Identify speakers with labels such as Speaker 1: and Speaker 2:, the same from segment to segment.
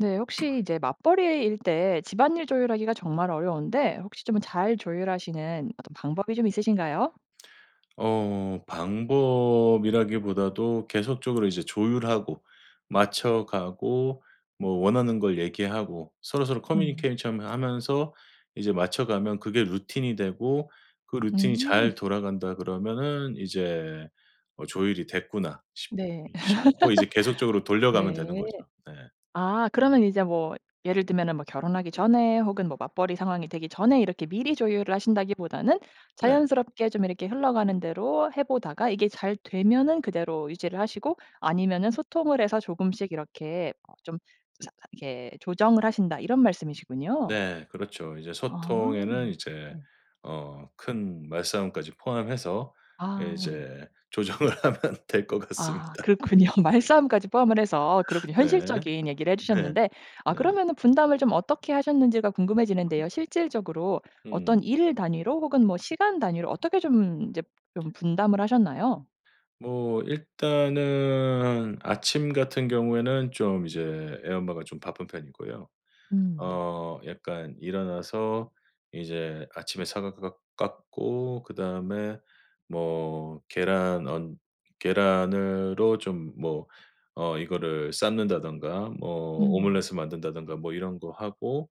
Speaker 1: 네 혹시 이제 맞벌이일 때 집안일 조율하기가 정말 어려운데 혹시 좀 잘 조율하시는 어떤 방법이 좀 있으신가요?
Speaker 2: 어 방법이라기보다도 계속적으로 이제 조율하고 맞춰가고 뭐 원하는 걸 얘기하고 서로서로
Speaker 1: 음.
Speaker 2: 커뮤니케이션하면서 이제 맞춰가면 그게 루틴이 되고 그 루틴이
Speaker 1: 음.
Speaker 2: 잘 돌아간다 그러면은 이제 어 조율이 됐구나 싶
Speaker 1: 네.
Speaker 2: 어 싶고 이제 계속적으로 돌려가면
Speaker 1: 네.
Speaker 2: 되는거죠. 네.
Speaker 1: 아 그러면 이제 뭐 예를 들면은 뭐 결혼하기 전에 혹은 뭐 맞벌이 상황이 되기 전에 이렇게 미리 조율을 하신다기보다는
Speaker 2: 네.
Speaker 1: 자연스럽게 좀 이렇게 흘러가는 대로 해 보다가 이게 잘 되면은 그대로 유지를 하시고 아니면은 소통을 해서 조금씩 이렇게 어 좀 사 이렇게 조정을 하신다 이런 말씀이시군요.
Speaker 2: 네. 그렇죠. 이제
Speaker 1: 아.
Speaker 2: 소통에는 이제
Speaker 1: 네.
Speaker 2: 어 큰 말싸움까지 포함해서 예
Speaker 1: 아 네.
Speaker 2: 이제 조정을 하면 될 것
Speaker 1: 아
Speaker 2: 같습니다.
Speaker 1: 그렇군요 말싸움까지 포함을 해서 그렇군요.
Speaker 2: 네.
Speaker 1: 현실적인 얘기를 해
Speaker 2: 네.
Speaker 1: 주셨는데 아
Speaker 2: 네.
Speaker 1: 그러면은 분담을 좀 어떻게 하셨는지가 궁금해지는데요. 실질적으로 어떤
Speaker 2: 음.
Speaker 1: 일 단위로 혹은 뭐 시간 단위로 어떻게 좀 이제 좀 분담을 하셨나요?
Speaker 2: 뭐 일단은 아침 같은 경우에는 좀 이제 애 엄마가 좀 바쁜 편이고요.
Speaker 1: 음 네.
Speaker 2: 어 약간 일어나서 이제 아침에 사과 깎 깎고 그다음에 뭐 계란 언 계란으로 좀 뭐 어 이거를 삶는다든가 뭐
Speaker 1: 음.
Speaker 2: 오므라이스 만든다든가 뭐 이런 거 하고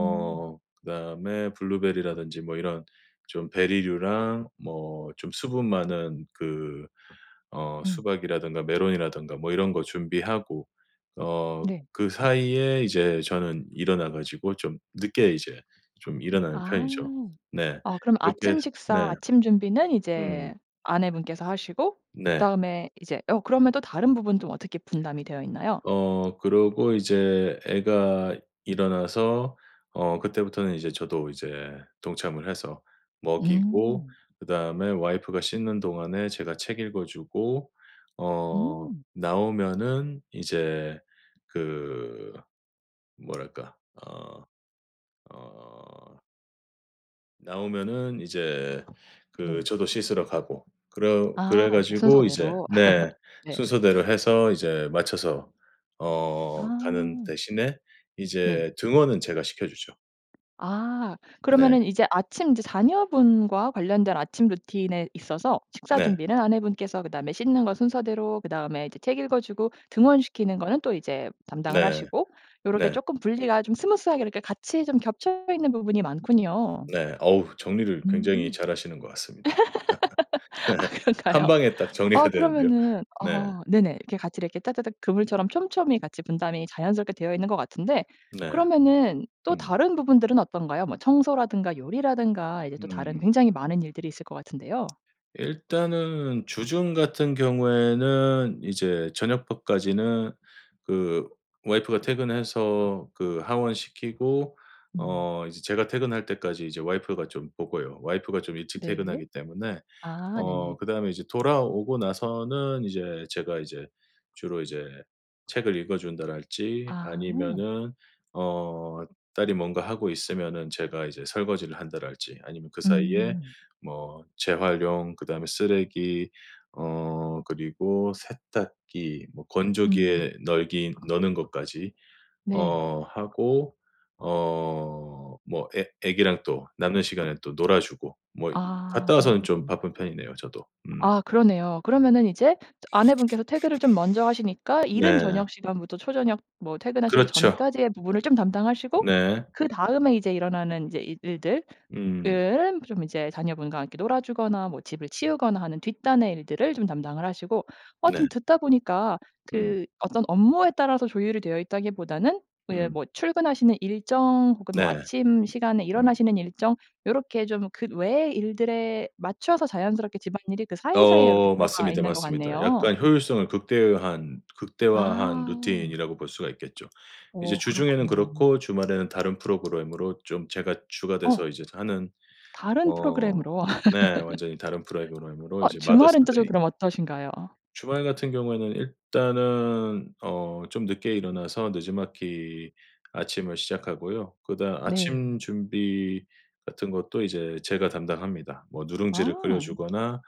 Speaker 1: 음.
Speaker 2: 그다음에 블루베리라든지 뭐 이런 좀 베리류랑 뭐 좀 수분 많은 그 어
Speaker 1: 음.
Speaker 2: 수박이라든가 멜론이라든가 뭐 이런 거 준비하고 어
Speaker 1: 네.
Speaker 2: 그 사이에 이제 저는 일어나 가지고 좀 늦게 이제 좀 일어나는
Speaker 1: 아.
Speaker 2: 편이죠. 네.
Speaker 1: 어 그럼
Speaker 2: 그렇게 해
Speaker 1: 아침 식사
Speaker 2: 네.
Speaker 1: 아침 준비는
Speaker 2: 음.
Speaker 1: 이제 아내분께서 하시고
Speaker 2: 네.
Speaker 1: 그다음에 이제 어 그러면 또 다른 부분 좀 어떻게 분담이 되어있나요?
Speaker 2: 어. 그러고 이제 애가 일어나서 어 그때부터는 이제 저도 이제 동참을 해서 먹이고
Speaker 1: 음.
Speaker 2: 그다음에 와이프가 씻는 동안에 제가 책 읽어주고 어
Speaker 1: 음.
Speaker 2: 나오면은 이제 그 뭐랄까. 어. 어. 나오면은 이제 그
Speaker 1: 네.
Speaker 2: 저도 씻으러 가고 그러
Speaker 1: 아
Speaker 2: 그래
Speaker 1: 이렇게
Speaker 2: 가지고 이제
Speaker 1: 순서대로.
Speaker 2: 네
Speaker 1: 네.
Speaker 2: 순서대로 해서 이제 맞춰서 어 가는
Speaker 1: 아.
Speaker 2: 대신에
Speaker 1: 네.
Speaker 2: 이제 등원은 제가 시켜 주죠.
Speaker 1: 아.
Speaker 2: 네.
Speaker 1: 그러면은 이제 아침 이제 자녀분과 관련된 아침 루틴에 있어서 식사
Speaker 2: 네.
Speaker 1: 준비는 아내분께서 그다음에 씻는 거 순서대로 그다음에 이제 책 읽어주고 등원시키는 거는 또 이제 담당을
Speaker 2: 네.
Speaker 1: 하시고 요렇게
Speaker 2: 네.
Speaker 1: 쪼끔 분리가 좀 스무스 하게 이렇게 같이 좀 겹쳐 있는 부분이 많군요.
Speaker 2: 네. 어우 정리를 굉장히
Speaker 1: 음.
Speaker 2: 잘 하시는 것 같습니다. 네.
Speaker 1: 아
Speaker 2: 1
Speaker 1: 그런가요?
Speaker 2: 방에 딱 정리가
Speaker 1: 아
Speaker 2: 되는데요.
Speaker 1: 그러면은
Speaker 2: 네.
Speaker 1: 아 네네 이렇게 같이 이렇게 따다닥 그물처럼 촘촘히 같이 분담이 자연스럽게 되어있는 것 같은데
Speaker 2: 네.
Speaker 1: 그러면은 또
Speaker 2: 음.
Speaker 1: 다른 부분들은 어떤가요? 뭐 청소라든가 요리라든가 이제 또 다른
Speaker 2: 음.
Speaker 1: 굉장히 많은 일들이 있을 것 같은데요.
Speaker 2: 일단은 주중 같은 경우에는 이제 저녁밥까지는 그 와이프가 퇴근해서 그 하원 시키고
Speaker 1: 음.
Speaker 2: 어 이제 제가 퇴근할 때까지 이제 와이프가 좀 보고요. 와이프가 좀 일찍
Speaker 1: 네.
Speaker 2: 퇴근하기 때문에.
Speaker 1: 아
Speaker 2: 어
Speaker 1: 네네.
Speaker 2: 그다음에 이제 돌아오고 나서는 이제 제가 이제 주로 이제 책을 읽어준다랄지
Speaker 1: 아.
Speaker 2: 아니면은 어 딸이 뭔가 하고 있으면은 제가 이제 설거지를 한다랄지 아니면 그 사이에
Speaker 1: 음.
Speaker 2: 뭐 재활용 그다음에 쓰레기 어 그리고 세탁기 뭐
Speaker 1: 음.
Speaker 2: 건조기에 널기 너는 것까지
Speaker 1: 네.
Speaker 2: 어 하고 어 뭐 애 애기랑 또 남는 시간에 또 놀아주고 뭐
Speaker 1: 아
Speaker 2: 갔다
Speaker 1: 오
Speaker 2: 와서는 좀
Speaker 1: 네네.
Speaker 2: 바쁜 편이네요 저도. 음.
Speaker 1: 아 그러네요. 그러면은 이제 아내분께서 퇴근을 좀 먼저 하시니까 이른
Speaker 2: 네.
Speaker 1: 저녁시간부터 초저녁, 뭐 퇴근하시기
Speaker 2: 그렇죠.
Speaker 1: 전까지의 부분을 좀 담당하시고
Speaker 2: 네.
Speaker 1: 그다음에 이제 일어나는 이제 일 일들
Speaker 2: 음.
Speaker 1: 은 좀 이제 자녀분과 함께 놀아주거나 뭐 집을 치우거나 하는 뒷단의 일들을 좀 담당을 하시고. 어 좀
Speaker 2: 네.
Speaker 1: 듣다 보니까
Speaker 2: 음.
Speaker 1: 그 어떤 업무에 따라서 조율이 되어있다기보다는 뭐 예를
Speaker 2: 음.
Speaker 1: 뭐 출근하시는 일정 혹은 뭐
Speaker 2: 네.
Speaker 1: 아침 시간에
Speaker 2: 음.
Speaker 1: 일어나시는 일정 요렇게 좀 그 외의 일들에 맞춰서 자연스럽게 집안일이 그 사이사이에 요렇게
Speaker 2: 어
Speaker 1: 들어가
Speaker 2: 맞습니다,
Speaker 1: 있는 것
Speaker 2: 맞습니다.
Speaker 1: 같네요.
Speaker 2: 약간 효율성을 극대화한, 극대화한
Speaker 1: 아.
Speaker 2: 루틴이라고 볼 수가 있겠죠. 이제
Speaker 1: 어
Speaker 2: 주중에는
Speaker 1: 그렇군요.
Speaker 2: 그렇고 주말에는 다른 프로그램으로 좀 제가 주가 돼서
Speaker 1: 어.
Speaker 2: 이제 하는
Speaker 1: 다른
Speaker 2: 어
Speaker 1: 프로그램으로.
Speaker 2: 네 완전히 다른 프로그램으로
Speaker 1: 어
Speaker 2: 이제 마더스
Speaker 1: 주말에는 또 좀
Speaker 2: 데이.
Speaker 1: 그럼 어떠신가요?
Speaker 2: 주말 같은 경우에는 일단은 어 좀 늦게 일어나서 느지막이 아침을 시작하고요. 그다음
Speaker 1: 네.
Speaker 2: 아침 준비 같은 것도 이제 제가 담당합니다. 뭐 누룽지를 끓여
Speaker 1: 아.
Speaker 2: 주거나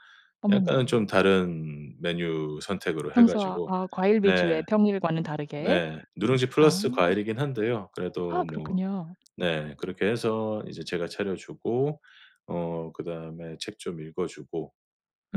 Speaker 2: 약간은
Speaker 1: 어머나.
Speaker 2: 좀 다른 메뉴 선택으로 해
Speaker 1: 평소와
Speaker 2: 가지고
Speaker 1: 아 과일
Speaker 2: 네.
Speaker 1: 위주의 평일과는 다르게.
Speaker 2: 네. 누룽지
Speaker 1: 아.
Speaker 2: 플러스 과일이기는 한데요.
Speaker 1: 아
Speaker 2: 그래도 뭐
Speaker 1: 그렇군요.
Speaker 2: 네 그렇게 해서 이제 제가 차려 주고 어 그다음에 책 좀 읽어주고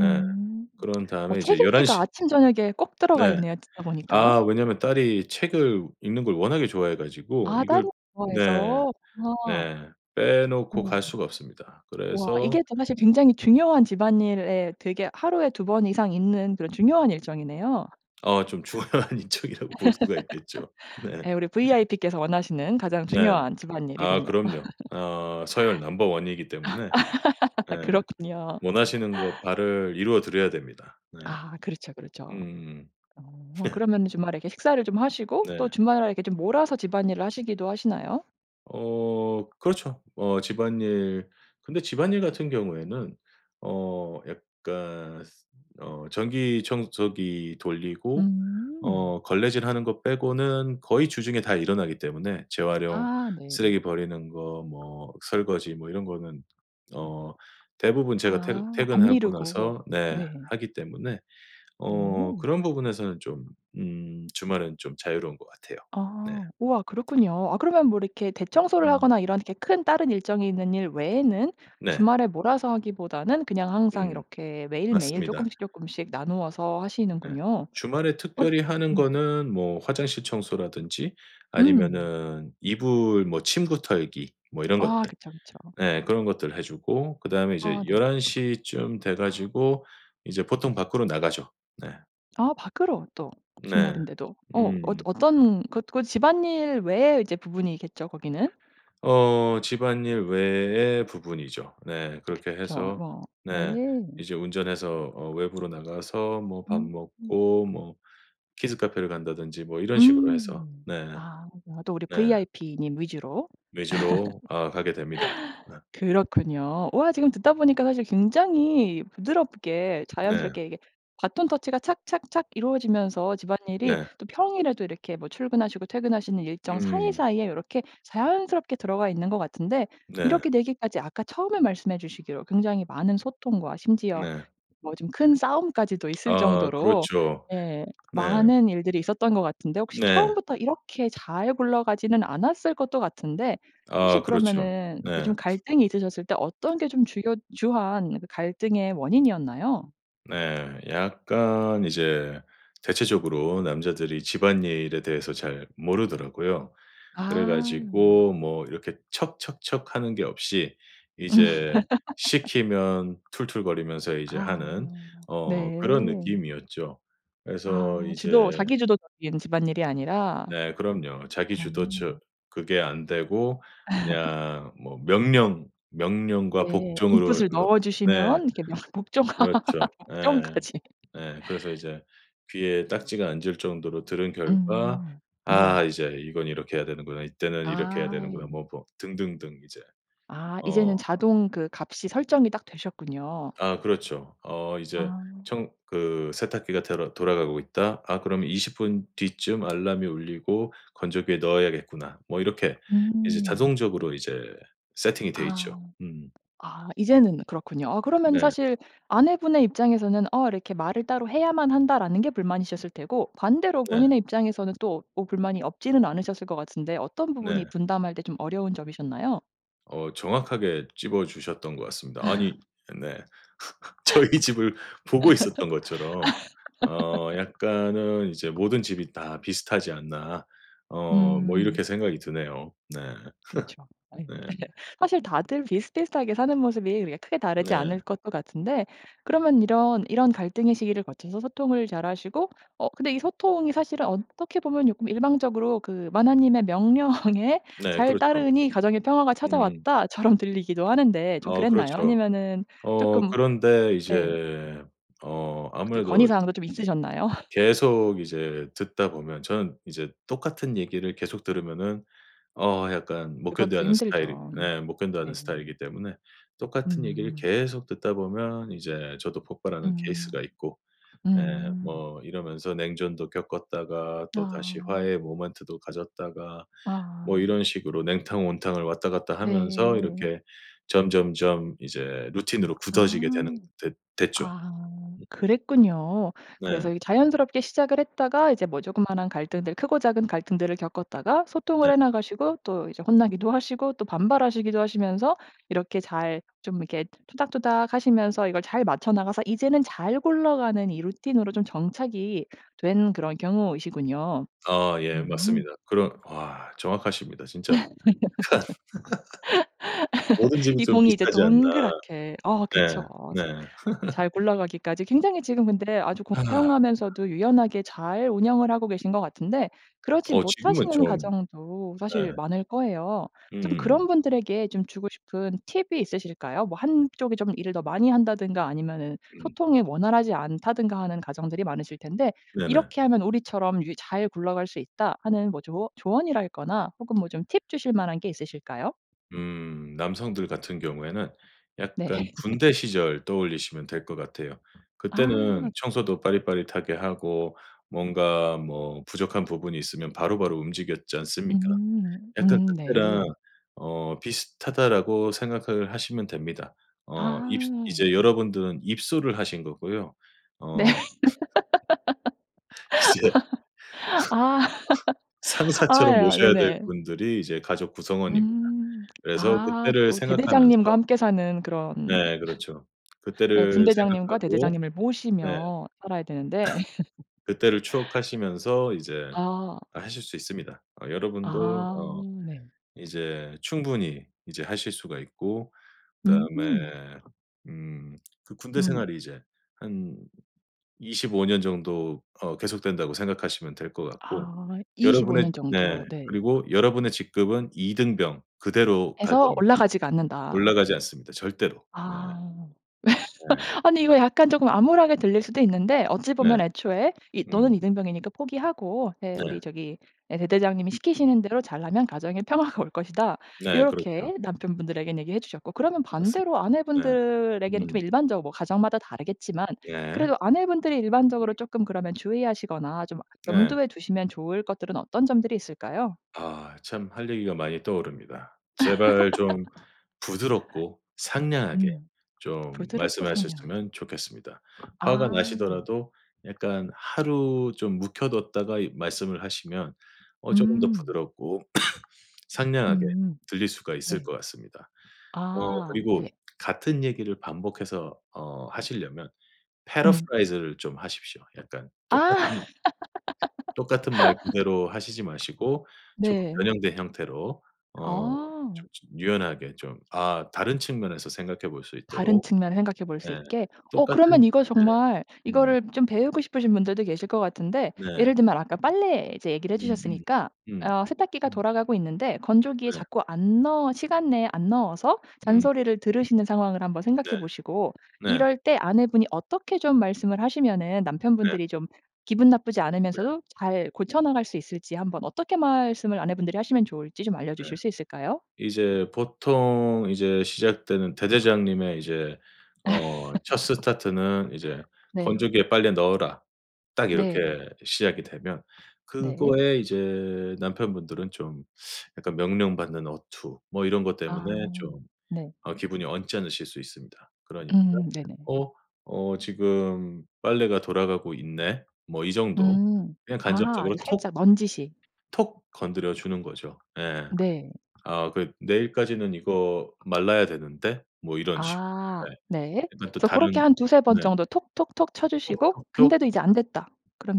Speaker 2: 예 그런
Speaker 1: 어
Speaker 2: 다음에
Speaker 1: 책
Speaker 2: 이제 11
Speaker 1: 읽기가
Speaker 2: 시
Speaker 1: 아침저녁에 꼭 들어가
Speaker 2: 네.
Speaker 1: 있네요 듣다 보니까.
Speaker 2: 아 왜냐하면 딸이 책을 읽는 걸 워낙에 좋아해 가지고
Speaker 1: 아 딸이
Speaker 2: 이걸 네.
Speaker 1: 좋아해서. 와.
Speaker 2: 네. 빼놓고
Speaker 1: 어.
Speaker 2: 갈 수가 없습니다.
Speaker 1: 와 이게
Speaker 2: 그래서
Speaker 1: 좀 사실 굉장히 중요한 집안일에 되게 하루에 2 번 이상 있는 그런 중요한 일정이네요.
Speaker 2: 아 좀 중요한 일정이라고 볼 수가 있겠죠. 네.
Speaker 1: 예 우리 vip께서 원하시는 가장
Speaker 2: 네.
Speaker 1: 중요한
Speaker 2: 아
Speaker 1: 집안일이군요.
Speaker 2: 그럼요. 어 서열 넘버 1 이기 때문에 예
Speaker 1: 그렇군요.
Speaker 2: 원하시는 거 바를 이루어 드려야 됩니다. 네.
Speaker 1: 아 그렇죠, 그렇죠.
Speaker 2: 음음음.
Speaker 1: 어
Speaker 2: 네.
Speaker 1: 그러면 주말에 이렇게 식사를 좀 하시고 또
Speaker 2: 네.
Speaker 1: 주말에 이렇게 좀 몰아서 집안일을 하시기도 하시나요?
Speaker 2: 어 그렇죠. 어 집안일 근데 집안일 같은 경우에는 어 약간 쓰 어 전기 청소기 돌리고
Speaker 1: 음.
Speaker 2: 어 걸레질하는 거 빼고는 거의 주중에 다 일어나기 때문에 재활용
Speaker 1: 아 네.
Speaker 2: 쓰레기 버리는 거 뭐 설거지 뭐 이런 거는 어 대부분 제가 퇴근
Speaker 1: 아. 안
Speaker 2: 퇴근하고
Speaker 1: 미루고
Speaker 2: 나서 네
Speaker 1: 네.
Speaker 2: 하기 때문에 어
Speaker 1: 네.
Speaker 2: 그런 부분에서는 좀 음 주말은 좀 자유로운 것 같아요. 네.
Speaker 1: 아 우와 그렇군요. 아 그러면 뭐 이렇게 대청소를
Speaker 2: 음.
Speaker 1: 하거나 이런 이렇게 큰 다른 일정이 있는 일 외에는
Speaker 2: 네.
Speaker 1: 주말에 몰아서 하기보다는 그냥 항상
Speaker 2: 음.
Speaker 1: 이렇게 매일매일
Speaker 2: 맞습니다.
Speaker 1: 쪼끔씩 쪼끔씩 나누어서
Speaker 2: 네.
Speaker 1: 하시는군요.
Speaker 2: 주말에
Speaker 1: 엇
Speaker 2: 특별히 하는
Speaker 1: 음.
Speaker 2: 거는 뭐 화장실 청소라든지
Speaker 1: 음.
Speaker 2: 아니면은 이불 뭐 침구 털기 뭐 이런 것들
Speaker 1: 아 그쵸, 그쵸.
Speaker 2: 예 그런 것들 해 주고 그다음에
Speaker 1: 아
Speaker 2: 이제
Speaker 1: 네.
Speaker 2: 11 시쯤 돼 가지고 이제 보통 밖으로 나가죠. 네.
Speaker 1: 아 밖으로 또
Speaker 2: 네.
Speaker 1: 주말인데도 어 엇
Speaker 2: 음.
Speaker 1: 어떤 그 그 집안일 외에 이제 부분이겠죠 거기는?
Speaker 2: 어 집안일 외의 부분이죠. 네 그렇게
Speaker 1: 그쵸.
Speaker 2: 해서
Speaker 1: 뭐
Speaker 2: 네
Speaker 1: 예.
Speaker 2: 이제 운전해서 어 외부로 나가서 뭐 밥
Speaker 1: 음.
Speaker 2: 먹고 뭐 키즈카페를 간다든지 뭐 이런 식으로 해서
Speaker 1: 음.
Speaker 2: 네.
Speaker 1: 아 나도 우리
Speaker 2: 네.
Speaker 1: VIP님 위주로.
Speaker 2: 위주로 아 가게 됩니다. 어.
Speaker 1: 그렇군요. 우와 지금 듣다 보니까 사실 굉장히 부드럽게
Speaker 2: 네.
Speaker 1: 자연스럽게 이게 배턴 터치가 착착착 이루어지면서 집안일이
Speaker 2: 네.
Speaker 1: 또 평일에도 이렇게 뭐 출근하시고 퇴근하시는 일정
Speaker 2: 음.
Speaker 1: 사이사이에 요렇게 자연스럽게 들어가 있는 것 같은데
Speaker 2: 네.
Speaker 1: 이렇게 되기까지 아까 처음에 말씀해 주시기로 굉장히 많은 소통과 심지어
Speaker 2: 네.
Speaker 1: 뭐 좀 큰 싸움까지도 있을
Speaker 2: 아,
Speaker 1: 정도로
Speaker 2: 그렇죠.
Speaker 1: 예
Speaker 2: 네.
Speaker 1: 많은 일들이 있었던 것 같은데 혹시
Speaker 2: 네.
Speaker 1: 처음부터 이렇게 잘 굴러가지는 않았을 것도 같은데 혹시
Speaker 2: 아, 그렇죠.
Speaker 1: 그러면은 이제
Speaker 2: 네.
Speaker 1: 좀 갈등이 있으셨을 때 어떤 게 좀 주요 주한 그 갈등의 원인이었나요?
Speaker 2: 네, 약간 이제 대체적으로 남자들이 집안일에 대해서 잘 모르더라고요. 그래
Speaker 1: 아.
Speaker 2: 가지고 뭐 이렇게 척척척 하는 게 없이
Speaker 1: 음.
Speaker 2: 이제 시키면 툴툴거리면서 이제
Speaker 1: 아
Speaker 2: 하는 어 그런
Speaker 1: 네.
Speaker 2: 느낌이었죠. 그래서
Speaker 1: 아
Speaker 2: 이제
Speaker 1: 주도 자기 주도적인 집안일이 아니라.
Speaker 2: 네, 그럼요. 자기
Speaker 1: 아.
Speaker 2: 주도적 그게 안 되고 그냥 뭐 명령, 명령과
Speaker 1: 네.
Speaker 2: 복종으로
Speaker 1: 인풋을
Speaker 2: 로
Speaker 1: 넣어
Speaker 2: 네.
Speaker 1: 주시면 이렇게 명 복종,
Speaker 2: 그렇죠. 예
Speaker 1: 복종까지.
Speaker 2: 예. 그래서 이제 귀에 딱지가 앉을 정도로 들은 결과
Speaker 1: 음. 네.
Speaker 2: '아 이제 이거는 이렇게 해야 되는구나. 이때는 이렇게 해야 되는구나.'
Speaker 1: 아.
Speaker 2: 뭐 뭐 등등등 이제
Speaker 1: 아
Speaker 2: 어.
Speaker 1: 이제는 자동 그 값이 설정이 딱 되셨군요.
Speaker 2: 아, 그렇죠. 어 이제
Speaker 1: 아.
Speaker 2: 청 그 세탁기가 데러 돌아가고 있다. '아 그럼 20 분 뒤쯤 알람이 울리고 건조기에 넣어야겠구나.' 뭐 이렇게 이제
Speaker 1: 음.
Speaker 2: 자동적으로 이제 세팅이 돼
Speaker 1: 아.
Speaker 2: 있죠. 음.
Speaker 1: 아 이제는 그렇군요. 아 그러면은
Speaker 2: 네.
Speaker 1: 사실 아내분의 입장에서는 어 이렇게 '말을 따로 해야만 한다.'라는게 불만이셨을 테고 반대로
Speaker 2: 네.
Speaker 1: 본인의 입장에서는 또 뭐 불만이 없지는 않으셨을 것 같은데 어떤 부분이
Speaker 2: 네.
Speaker 1: 분담할 때 좀 어려운 점이셨나요?
Speaker 2: 어. 정확하게 짚어 주셨던 것 같습니다. 아니 네. 저희 집을 보고 있었던 것처럼 어 약간은 이제 모든 집이 다 비슷하지 않나. 어 뭐 이렇게
Speaker 1: 음.
Speaker 2: 생각이 드네요. 네.
Speaker 1: 그쵸. 아이
Speaker 2: 네.
Speaker 1: 사실 다들 비슷비슷하게 사는 모습이 그렇게 그냥 크게 다르지
Speaker 2: 네.
Speaker 1: 않을 것도 같은데 그러면 이런 이런 갈등의 시기를 거쳐서 소통을 잘하시고 어 근데 이 소통이 사실은 어떻게 보면 쪼끔 일방적으로 그 '마나님의 명령에
Speaker 2: 네
Speaker 1: 잘
Speaker 2: 그렇죠.
Speaker 1: 따르니 가정의 평화가
Speaker 2: 음.
Speaker 1: 찾아왔다.' 처럼 들리기도 하는데 좀
Speaker 2: 어
Speaker 1: 그랬나요?
Speaker 2: 그렇죠.
Speaker 1: 아니면은
Speaker 2: 어
Speaker 1: 쪼끔
Speaker 2: 그런데
Speaker 1: 예.
Speaker 2: 이제 어
Speaker 1: 어떻게
Speaker 2: 아무래도 이제
Speaker 1: 건의사항도 좀 있으셨나요?
Speaker 2: 계속 이제 듣다 보면 저는 이제 똑같은 얘기를 계속 들으면은 어 약간 못
Speaker 1: 예
Speaker 2: 견뎌
Speaker 1: 그것도
Speaker 2: 하는 스타일이
Speaker 1: 힘들죠.
Speaker 2: 예 못 견뎌 하는
Speaker 1: 네.
Speaker 2: 스타일이기 때문에 똑같은 얘기를
Speaker 1: 음.
Speaker 2: 계속 듣다 보면 이제 저도 폭발하는 케이스가
Speaker 1: 음.
Speaker 2: 있고. 예
Speaker 1: 음.
Speaker 2: 뭐 이러면서 냉전도 겪었다가 또다시
Speaker 1: 아.
Speaker 2: 화해의 모멘트도 가졌다가 뭐
Speaker 1: 아.
Speaker 2: 이런 식으로 냉탕, 온탕을 왔다 갔다 하면서
Speaker 1: 네.
Speaker 2: 이렇게 점점점 이제 루틴으로 굳어지게 되는
Speaker 1: 아.
Speaker 2: 됐 됐죠.
Speaker 1: 아. 그랬군요. 그래서
Speaker 2: 네.
Speaker 1: 이게 자연스럽게 시작을 했다가 이제 뭐 쪼끄만한 갈등들 크고 작은 갈등들을 겪었다가
Speaker 2: 네.
Speaker 1: 소통을 해 나가시고 또 이제 혼나기도 하시고 또 반발하시기도 하시면서 이렇게 잘 좀 이렇게 투닥투닥 하시면서 이걸 잘 맞춰 나가서 이제는 잘 굴러가는 이 루틴으로 좀 정착이 된 그런 경우이시군요.
Speaker 2: 아 예.
Speaker 1: 음.
Speaker 2: 맞습니다. 그런 와 정확하십니다. 진짜 모든 집이
Speaker 1: 이
Speaker 2: 좀
Speaker 1: 공이 이제
Speaker 2: 비슷하지 않나.
Speaker 1: 동그랗게 어
Speaker 2: 네.
Speaker 1: 그쵸.
Speaker 2: 네.
Speaker 1: 잘 굴러가기까지 굉장히 지금 근데 아주 공평하면서도 유연하게 잘 운영을 하고 계신 것 같은데 그러지
Speaker 2: 어 지금은
Speaker 1: 못하시는
Speaker 2: 좀
Speaker 1: 가정도 사실
Speaker 2: 네.
Speaker 1: 많을 거예요. 좀
Speaker 2: 음음음.
Speaker 1: 그런 분들에게 좀 주고 싶은 팁이 있으실까요? 뭐 한쪽이 좀 일을 더 많이 한다든가 아니면은
Speaker 2: 음.
Speaker 1: 소통이 원활하지 않다든가 하는 가정들이 많으실 텐데
Speaker 2: 네네.
Speaker 1: "이렇게 하면 우리처럼 유 잘 굴러갈 수 있다." 하는 뭐 조어 조언이랄 거나 혹은 뭐 좀 팁 주실 만한 게 있으실까요?
Speaker 2: 음 남성들 같은 경우에는 약간
Speaker 1: 네.
Speaker 2: 군대 시절 떠올리시면 될 것 같아요.
Speaker 1: 아.
Speaker 2: 그때는 청소도 빠릿빠릿하게 하고 뭔가 뭐 부족한 부분이 있으면 바로바로 움직였지 않습니까?
Speaker 1: 음.
Speaker 2: 약간
Speaker 1: 음
Speaker 2: '그때랑
Speaker 1: 네.
Speaker 2: 어 비슷하다.'라고 생각을 하시면 됩니다. 어 입스
Speaker 1: 아.
Speaker 2: 이제 여러분들은 입소를 하신 거고요.
Speaker 1: 네.
Speaker 2: 어. 이제
Speaker 1: 아.
Speaker 2: 상사처럼
Speaker 1: 아야.
Speaker 2: 모셔야 될
Speaker 1: 네네.
Speaker 2: 분들이 이제 가족 구성원입니다.
Speaker 1: 음.
Speaker 2: 그래서
Speaker 1: 아 그
Speaker 2: 그때를
Speaker 1: 어
Speaker 2: 생각하면서
Speaker 1: 대대장님과 함께 사는 그런
Speaker 2: 네 그렇죠.
Speaker 1: 예.
Speaker 2: 그때를
Speaker 1: 분대장님과
Speaker 2: 생각하고
Speaker 1: 대대장님을
Speaker 2: 네
Speaker 1: 모시며 살아야 되는데.
Speaker 2: 그때를 추억하시면서 이제
Speaker 1: 아.
Speaker 2: 아 하실 수 있습니다. 어 여러분도
Speaker 1: 아
Speaker 2: 어
Speaker 1: 네.
Speaker 2: 이제 충분히 이제 하실 수가 있고 그다음에
Speaker 1: 음.
Speaker 2: 음 그 '군대
Speaker 1: 음.
Speaker 2: 생활이 이제 한 25 년 정도 어 계속된다.'고 생각하시면 될 것 같고.
Speaker 1: 아 25
Speaker 2: 여러분의
Speaker 1: 년
Speaker 2: 네
Speaker 1: 정도. 네.
Speaker 2: 그리고 여러분의 직급은 이등병 그대로 갈
Speaker 1: 에서
Speaker 2: 겁니다.
Speaker 1: 올라가지가 않는다.
Speaker 2: 올라가지 않습니다 절대로. 네.
Speaker 1: 아.
Speaker 2: 네.
Speaker 1: 아니 이거 약간 쪼끔 암울하게 들릴 수도 있는데 어찌
Speaker 2: 네.
Speaker 1: 보면 애초에 이 너는
Speaker 2: 음.
Speaker 1: 이등병이니까 포기하고 예
Speaker 2: 네.
Speaker 1: 우리 저기 예 대대장님이 시키시는 대로 잘하면 가정의 평화가 올 것이다.
Speaker 2: 네 그렇죠.
Speaker 1: 요렇게 남편분들에겐 얘기해 주셨고. 그러면 반대로
Speaker 2: 맞습니다. 네.
Speaker 1: 아내분들에게는 좀
Speaker 2: 음.
Speaker 1: 일반적으로 가정마다 다르겠지만
Speaker 2: 예.
Speaker 1: 그래도 아내분들이 일반적으로
Speaker 2: 음.
Speaker 1: 쪼끔 그러면 주의하시거나 좀
Speaker 2: 네.
Speaker 1: 염두에 두시면 좋을 것들은 어떤 점들이 있을까요?
Speaker 2: 아 참 할 얘기가 많이 떠오릅니다. 제발 좀 부드럽고 상냥하게
Speaker 1: 음.
Speaker 2: 좀
Speaker 1: 부드럽고 상냥한...
Speaker 2: 말씀하셨으면 좋겠습니다. 화가
Speaker 1: 아.
Speaker 2: 나시더라도 약간 하루 좀 묵혀 뒀다가 이 말씀을 하시면 어 쪼금 더
Speaker 1: 음.
Speaker 2: 부드럽고 상냥하게
Speaker 1: 음.
Speaker 2: 들릴 수가 있을
Speaker 1: 네.
Speaker 2: 것 같습니다. 어
Speaker 1: 아 네.
Speaker 2: 그리고 같은 얘기를 반복해서 어 하시려면
Speaker 1: 음.
Speaker 2: paraphrase를 좀 하십시오. 약간
Speaker 1: 아.
Speaker 2: 똑같은 똑같은 말 그대로 하시지 마시고 조금
Speaker 1: 네.
Speaker 2: 변형된 형태로 어 좀
Speaker 1: 아.
Speaker 2: 즈 유연하게 좀 아 다른 측면에서 생각해 볼 수
Speaker 1: 다른
Speaker 2: 있도록
Speaker 1: 측면을 생각해 볼 수
Speaker 2: 네
Speaker 1: 있게. 어 그러면
Speaker 2: 똑같은
Speaker 1: 이거
Speaker 2: 네.
Speaker 1: 정말
Speaker 2: 음.
Speaker 1: 이거를 좀 배우고 싶으신 분들도 계실 거 같은데
Speaker 2: 네.
Speaker 1: 예를 들면 아까 빨래 이제 얘기를 해
Speaker 2: 음음.
Speaker 1: 주셨으니까
Speaker 2: 음.
Speaker 1: 어 세탁기가
Speaker 2: 음.
Speaker 1: 돌아가고 있는데 건조기에
Speaker 2: 네.
Speaker 1: 자꾸 안 넣어 시간 내에 안 넣어서
Speaker 2: 음.
Speaker 1: 잔소리를 들으시는 상황을 한번 생각해
Speaker 2: 네.
Speaker 1: 보시고
Speaker 2: 네.
Speaker 1: 이럴 때 아내분이 어떻게 좀 말씀을 하시면은
Speaker 2: 네.
Speaker 1: 남편분들이 좀 기분 나쁘지
Speaker 2: 네.
Speaker 1: 않으면서도 잘 고쳐나갈 수 있을지 한번 어떻게 말씀을 아내분들이 하시면 좋을지 좀
Speaker 2: 네.
Speaker 1: 알려주실 수 있을까요?
Speaker 2: 이제 보통 이제 시작되는 대대장님의 이제 어 첫 스타트는 이제
Speaker 1: 네.
Speaker 2: "건조기에 빨래 넣어라." 딱
Speaker 1: 네.
Speaker 2: 이렇게 시작이 되면
Speaker 1: 네.
Speaker 2: 그거에 이제 남편분들은 좀 약간 명령받는 어투 뭐 이런 것
Speaker 1: 아
Speaker 2: 때문에 좀
Speaker 1: 네.
Speaker 2: 어 기분이 언짢으실 수 있습니다. 그러니까
Speaker 1: 음 네네.
Speaker 2: 어 '어 지금 빨래가 돌아가고 있네.' 뭐 이 정도.
Speaker 1: 음.
Speaker 2: 그냥
Speaker 1: 아 아주
Speaker 2: 간접적으로 톡
Speaker 1: 살짝 넌지시.
Speaker 2: 톡 건드려 주는 거죠. 예.
Speaker 1: 네.
Speaker 2: '아 그 내일까지는 이거 말라야 되는데?' 뭐 이런 식으로
Speaker 1: 아.
Speaker 2: 네.
Speaker 1: 네.
Speaker 2: 일단 또
Speaker 1: 그래서 고렇게
Speaker 2: 다른
Speaker 1: 한 2-3 번
Speaker 2: 네.
Speaker 1: 정도 톡톡톡 쳐 주시고
Speaker 2: 톡톡톡.
Speaker 1: 근데도 이제 안됐다.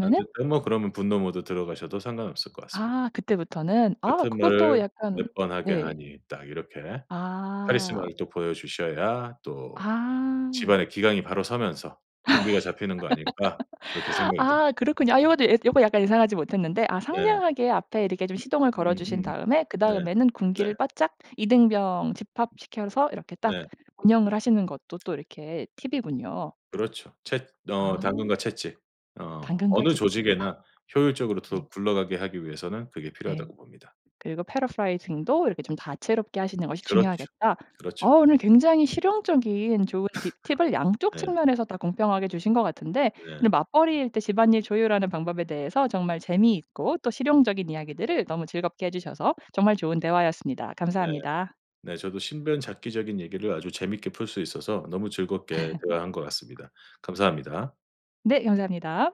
Speaker 2: 안돼 그럼 뭐 그러면 분노 모드 들어가셔도 상관없을 것 같습니다.
Speaker 1: 아 그때부터는? 아
Speaker 2: '같은
Speaker 1: 그것도
Speaker 2: 말을
Speaker 1: 약간
Speaker 2: 몇 번 하게
Speaker 1: 네.
Speaker 2: 하니?' 딱 이렇게
Speaker 1: 아.
Speaker 2: 카리스마를 또 보여 주셔야 또
Speaker 1: 아.
Speaker 2: 집안에 기강이 바로 서면서 군기가 잡히는 거 아닐까 그렇게 생각이 듭니다.
Speaker 1: 아 그렇군요. 아 요것도 예 요거 약간 예상하지 못했는데 아
Speaker 2: 예.
Speaker 1: 상냥하게 앞에 이렇게 좀 시동을 걸어주신
Speaker 2: 음음.
Speaker 1: 다음에
Speaker 2: 네.
Speaker 1: 그다음에는
Speaker 2: 네.
Speaker 1: 군기를 바짝 이등병 집합시켜서 이렇게 딱
Speaker 2: 네.
Speaker 1: 운영을 하시는 것도 또 이렇게 팁이군요.
Speaker 2: 그렇죠. 채 어
Speaker 1: 아.
Speaker 2: 당근과 채찍. 어
Speaker 1: 당근과
Speaker 2: 어느
Speaker 1: 채찍.
Speaker 2: 조직에나 효율적으로 더
Speaker 1: 네.
Speaker 2: 굴러가게 하기 위해서는 그게
Speaker 1: 네.
Speaker 2: 필요하다고 봅니다.
Speaker 1: 그리고 paraphrasing도 이렇게 좀 다채롭게 하시는 것이
Speaker 2: 그렇죠.
Speaker 1: 중요하겠다. 아
Speaker 2: 그렇죠.
Speaker 1: 오늘 굉장히 실용적인 좋은 팁 팁을 양쪽
Speaker 2: 네.
Speaker 1: 측면에서 다 공평하게 주신 것 같은데 오늘
Speaker 2: 네.
Speaker 1: 맞벌이일 때 집안일 조율하는 방법에 대해서 정말 재미있고 또 실용적인 이야기들을 너무 즐겁게 해 주셔서 정말 좋은 대화였습니다.
Speaker 2: 네.
Speaker 1: 감사합니다.
Speaker 2: 네 저도 신변잡기적인 얘기를 아주 재밌게 풀 수 있어서 너무 즐겁게 대화한 것 같습니다. 감사합니다.
Speaker 1: 네 감사합니다.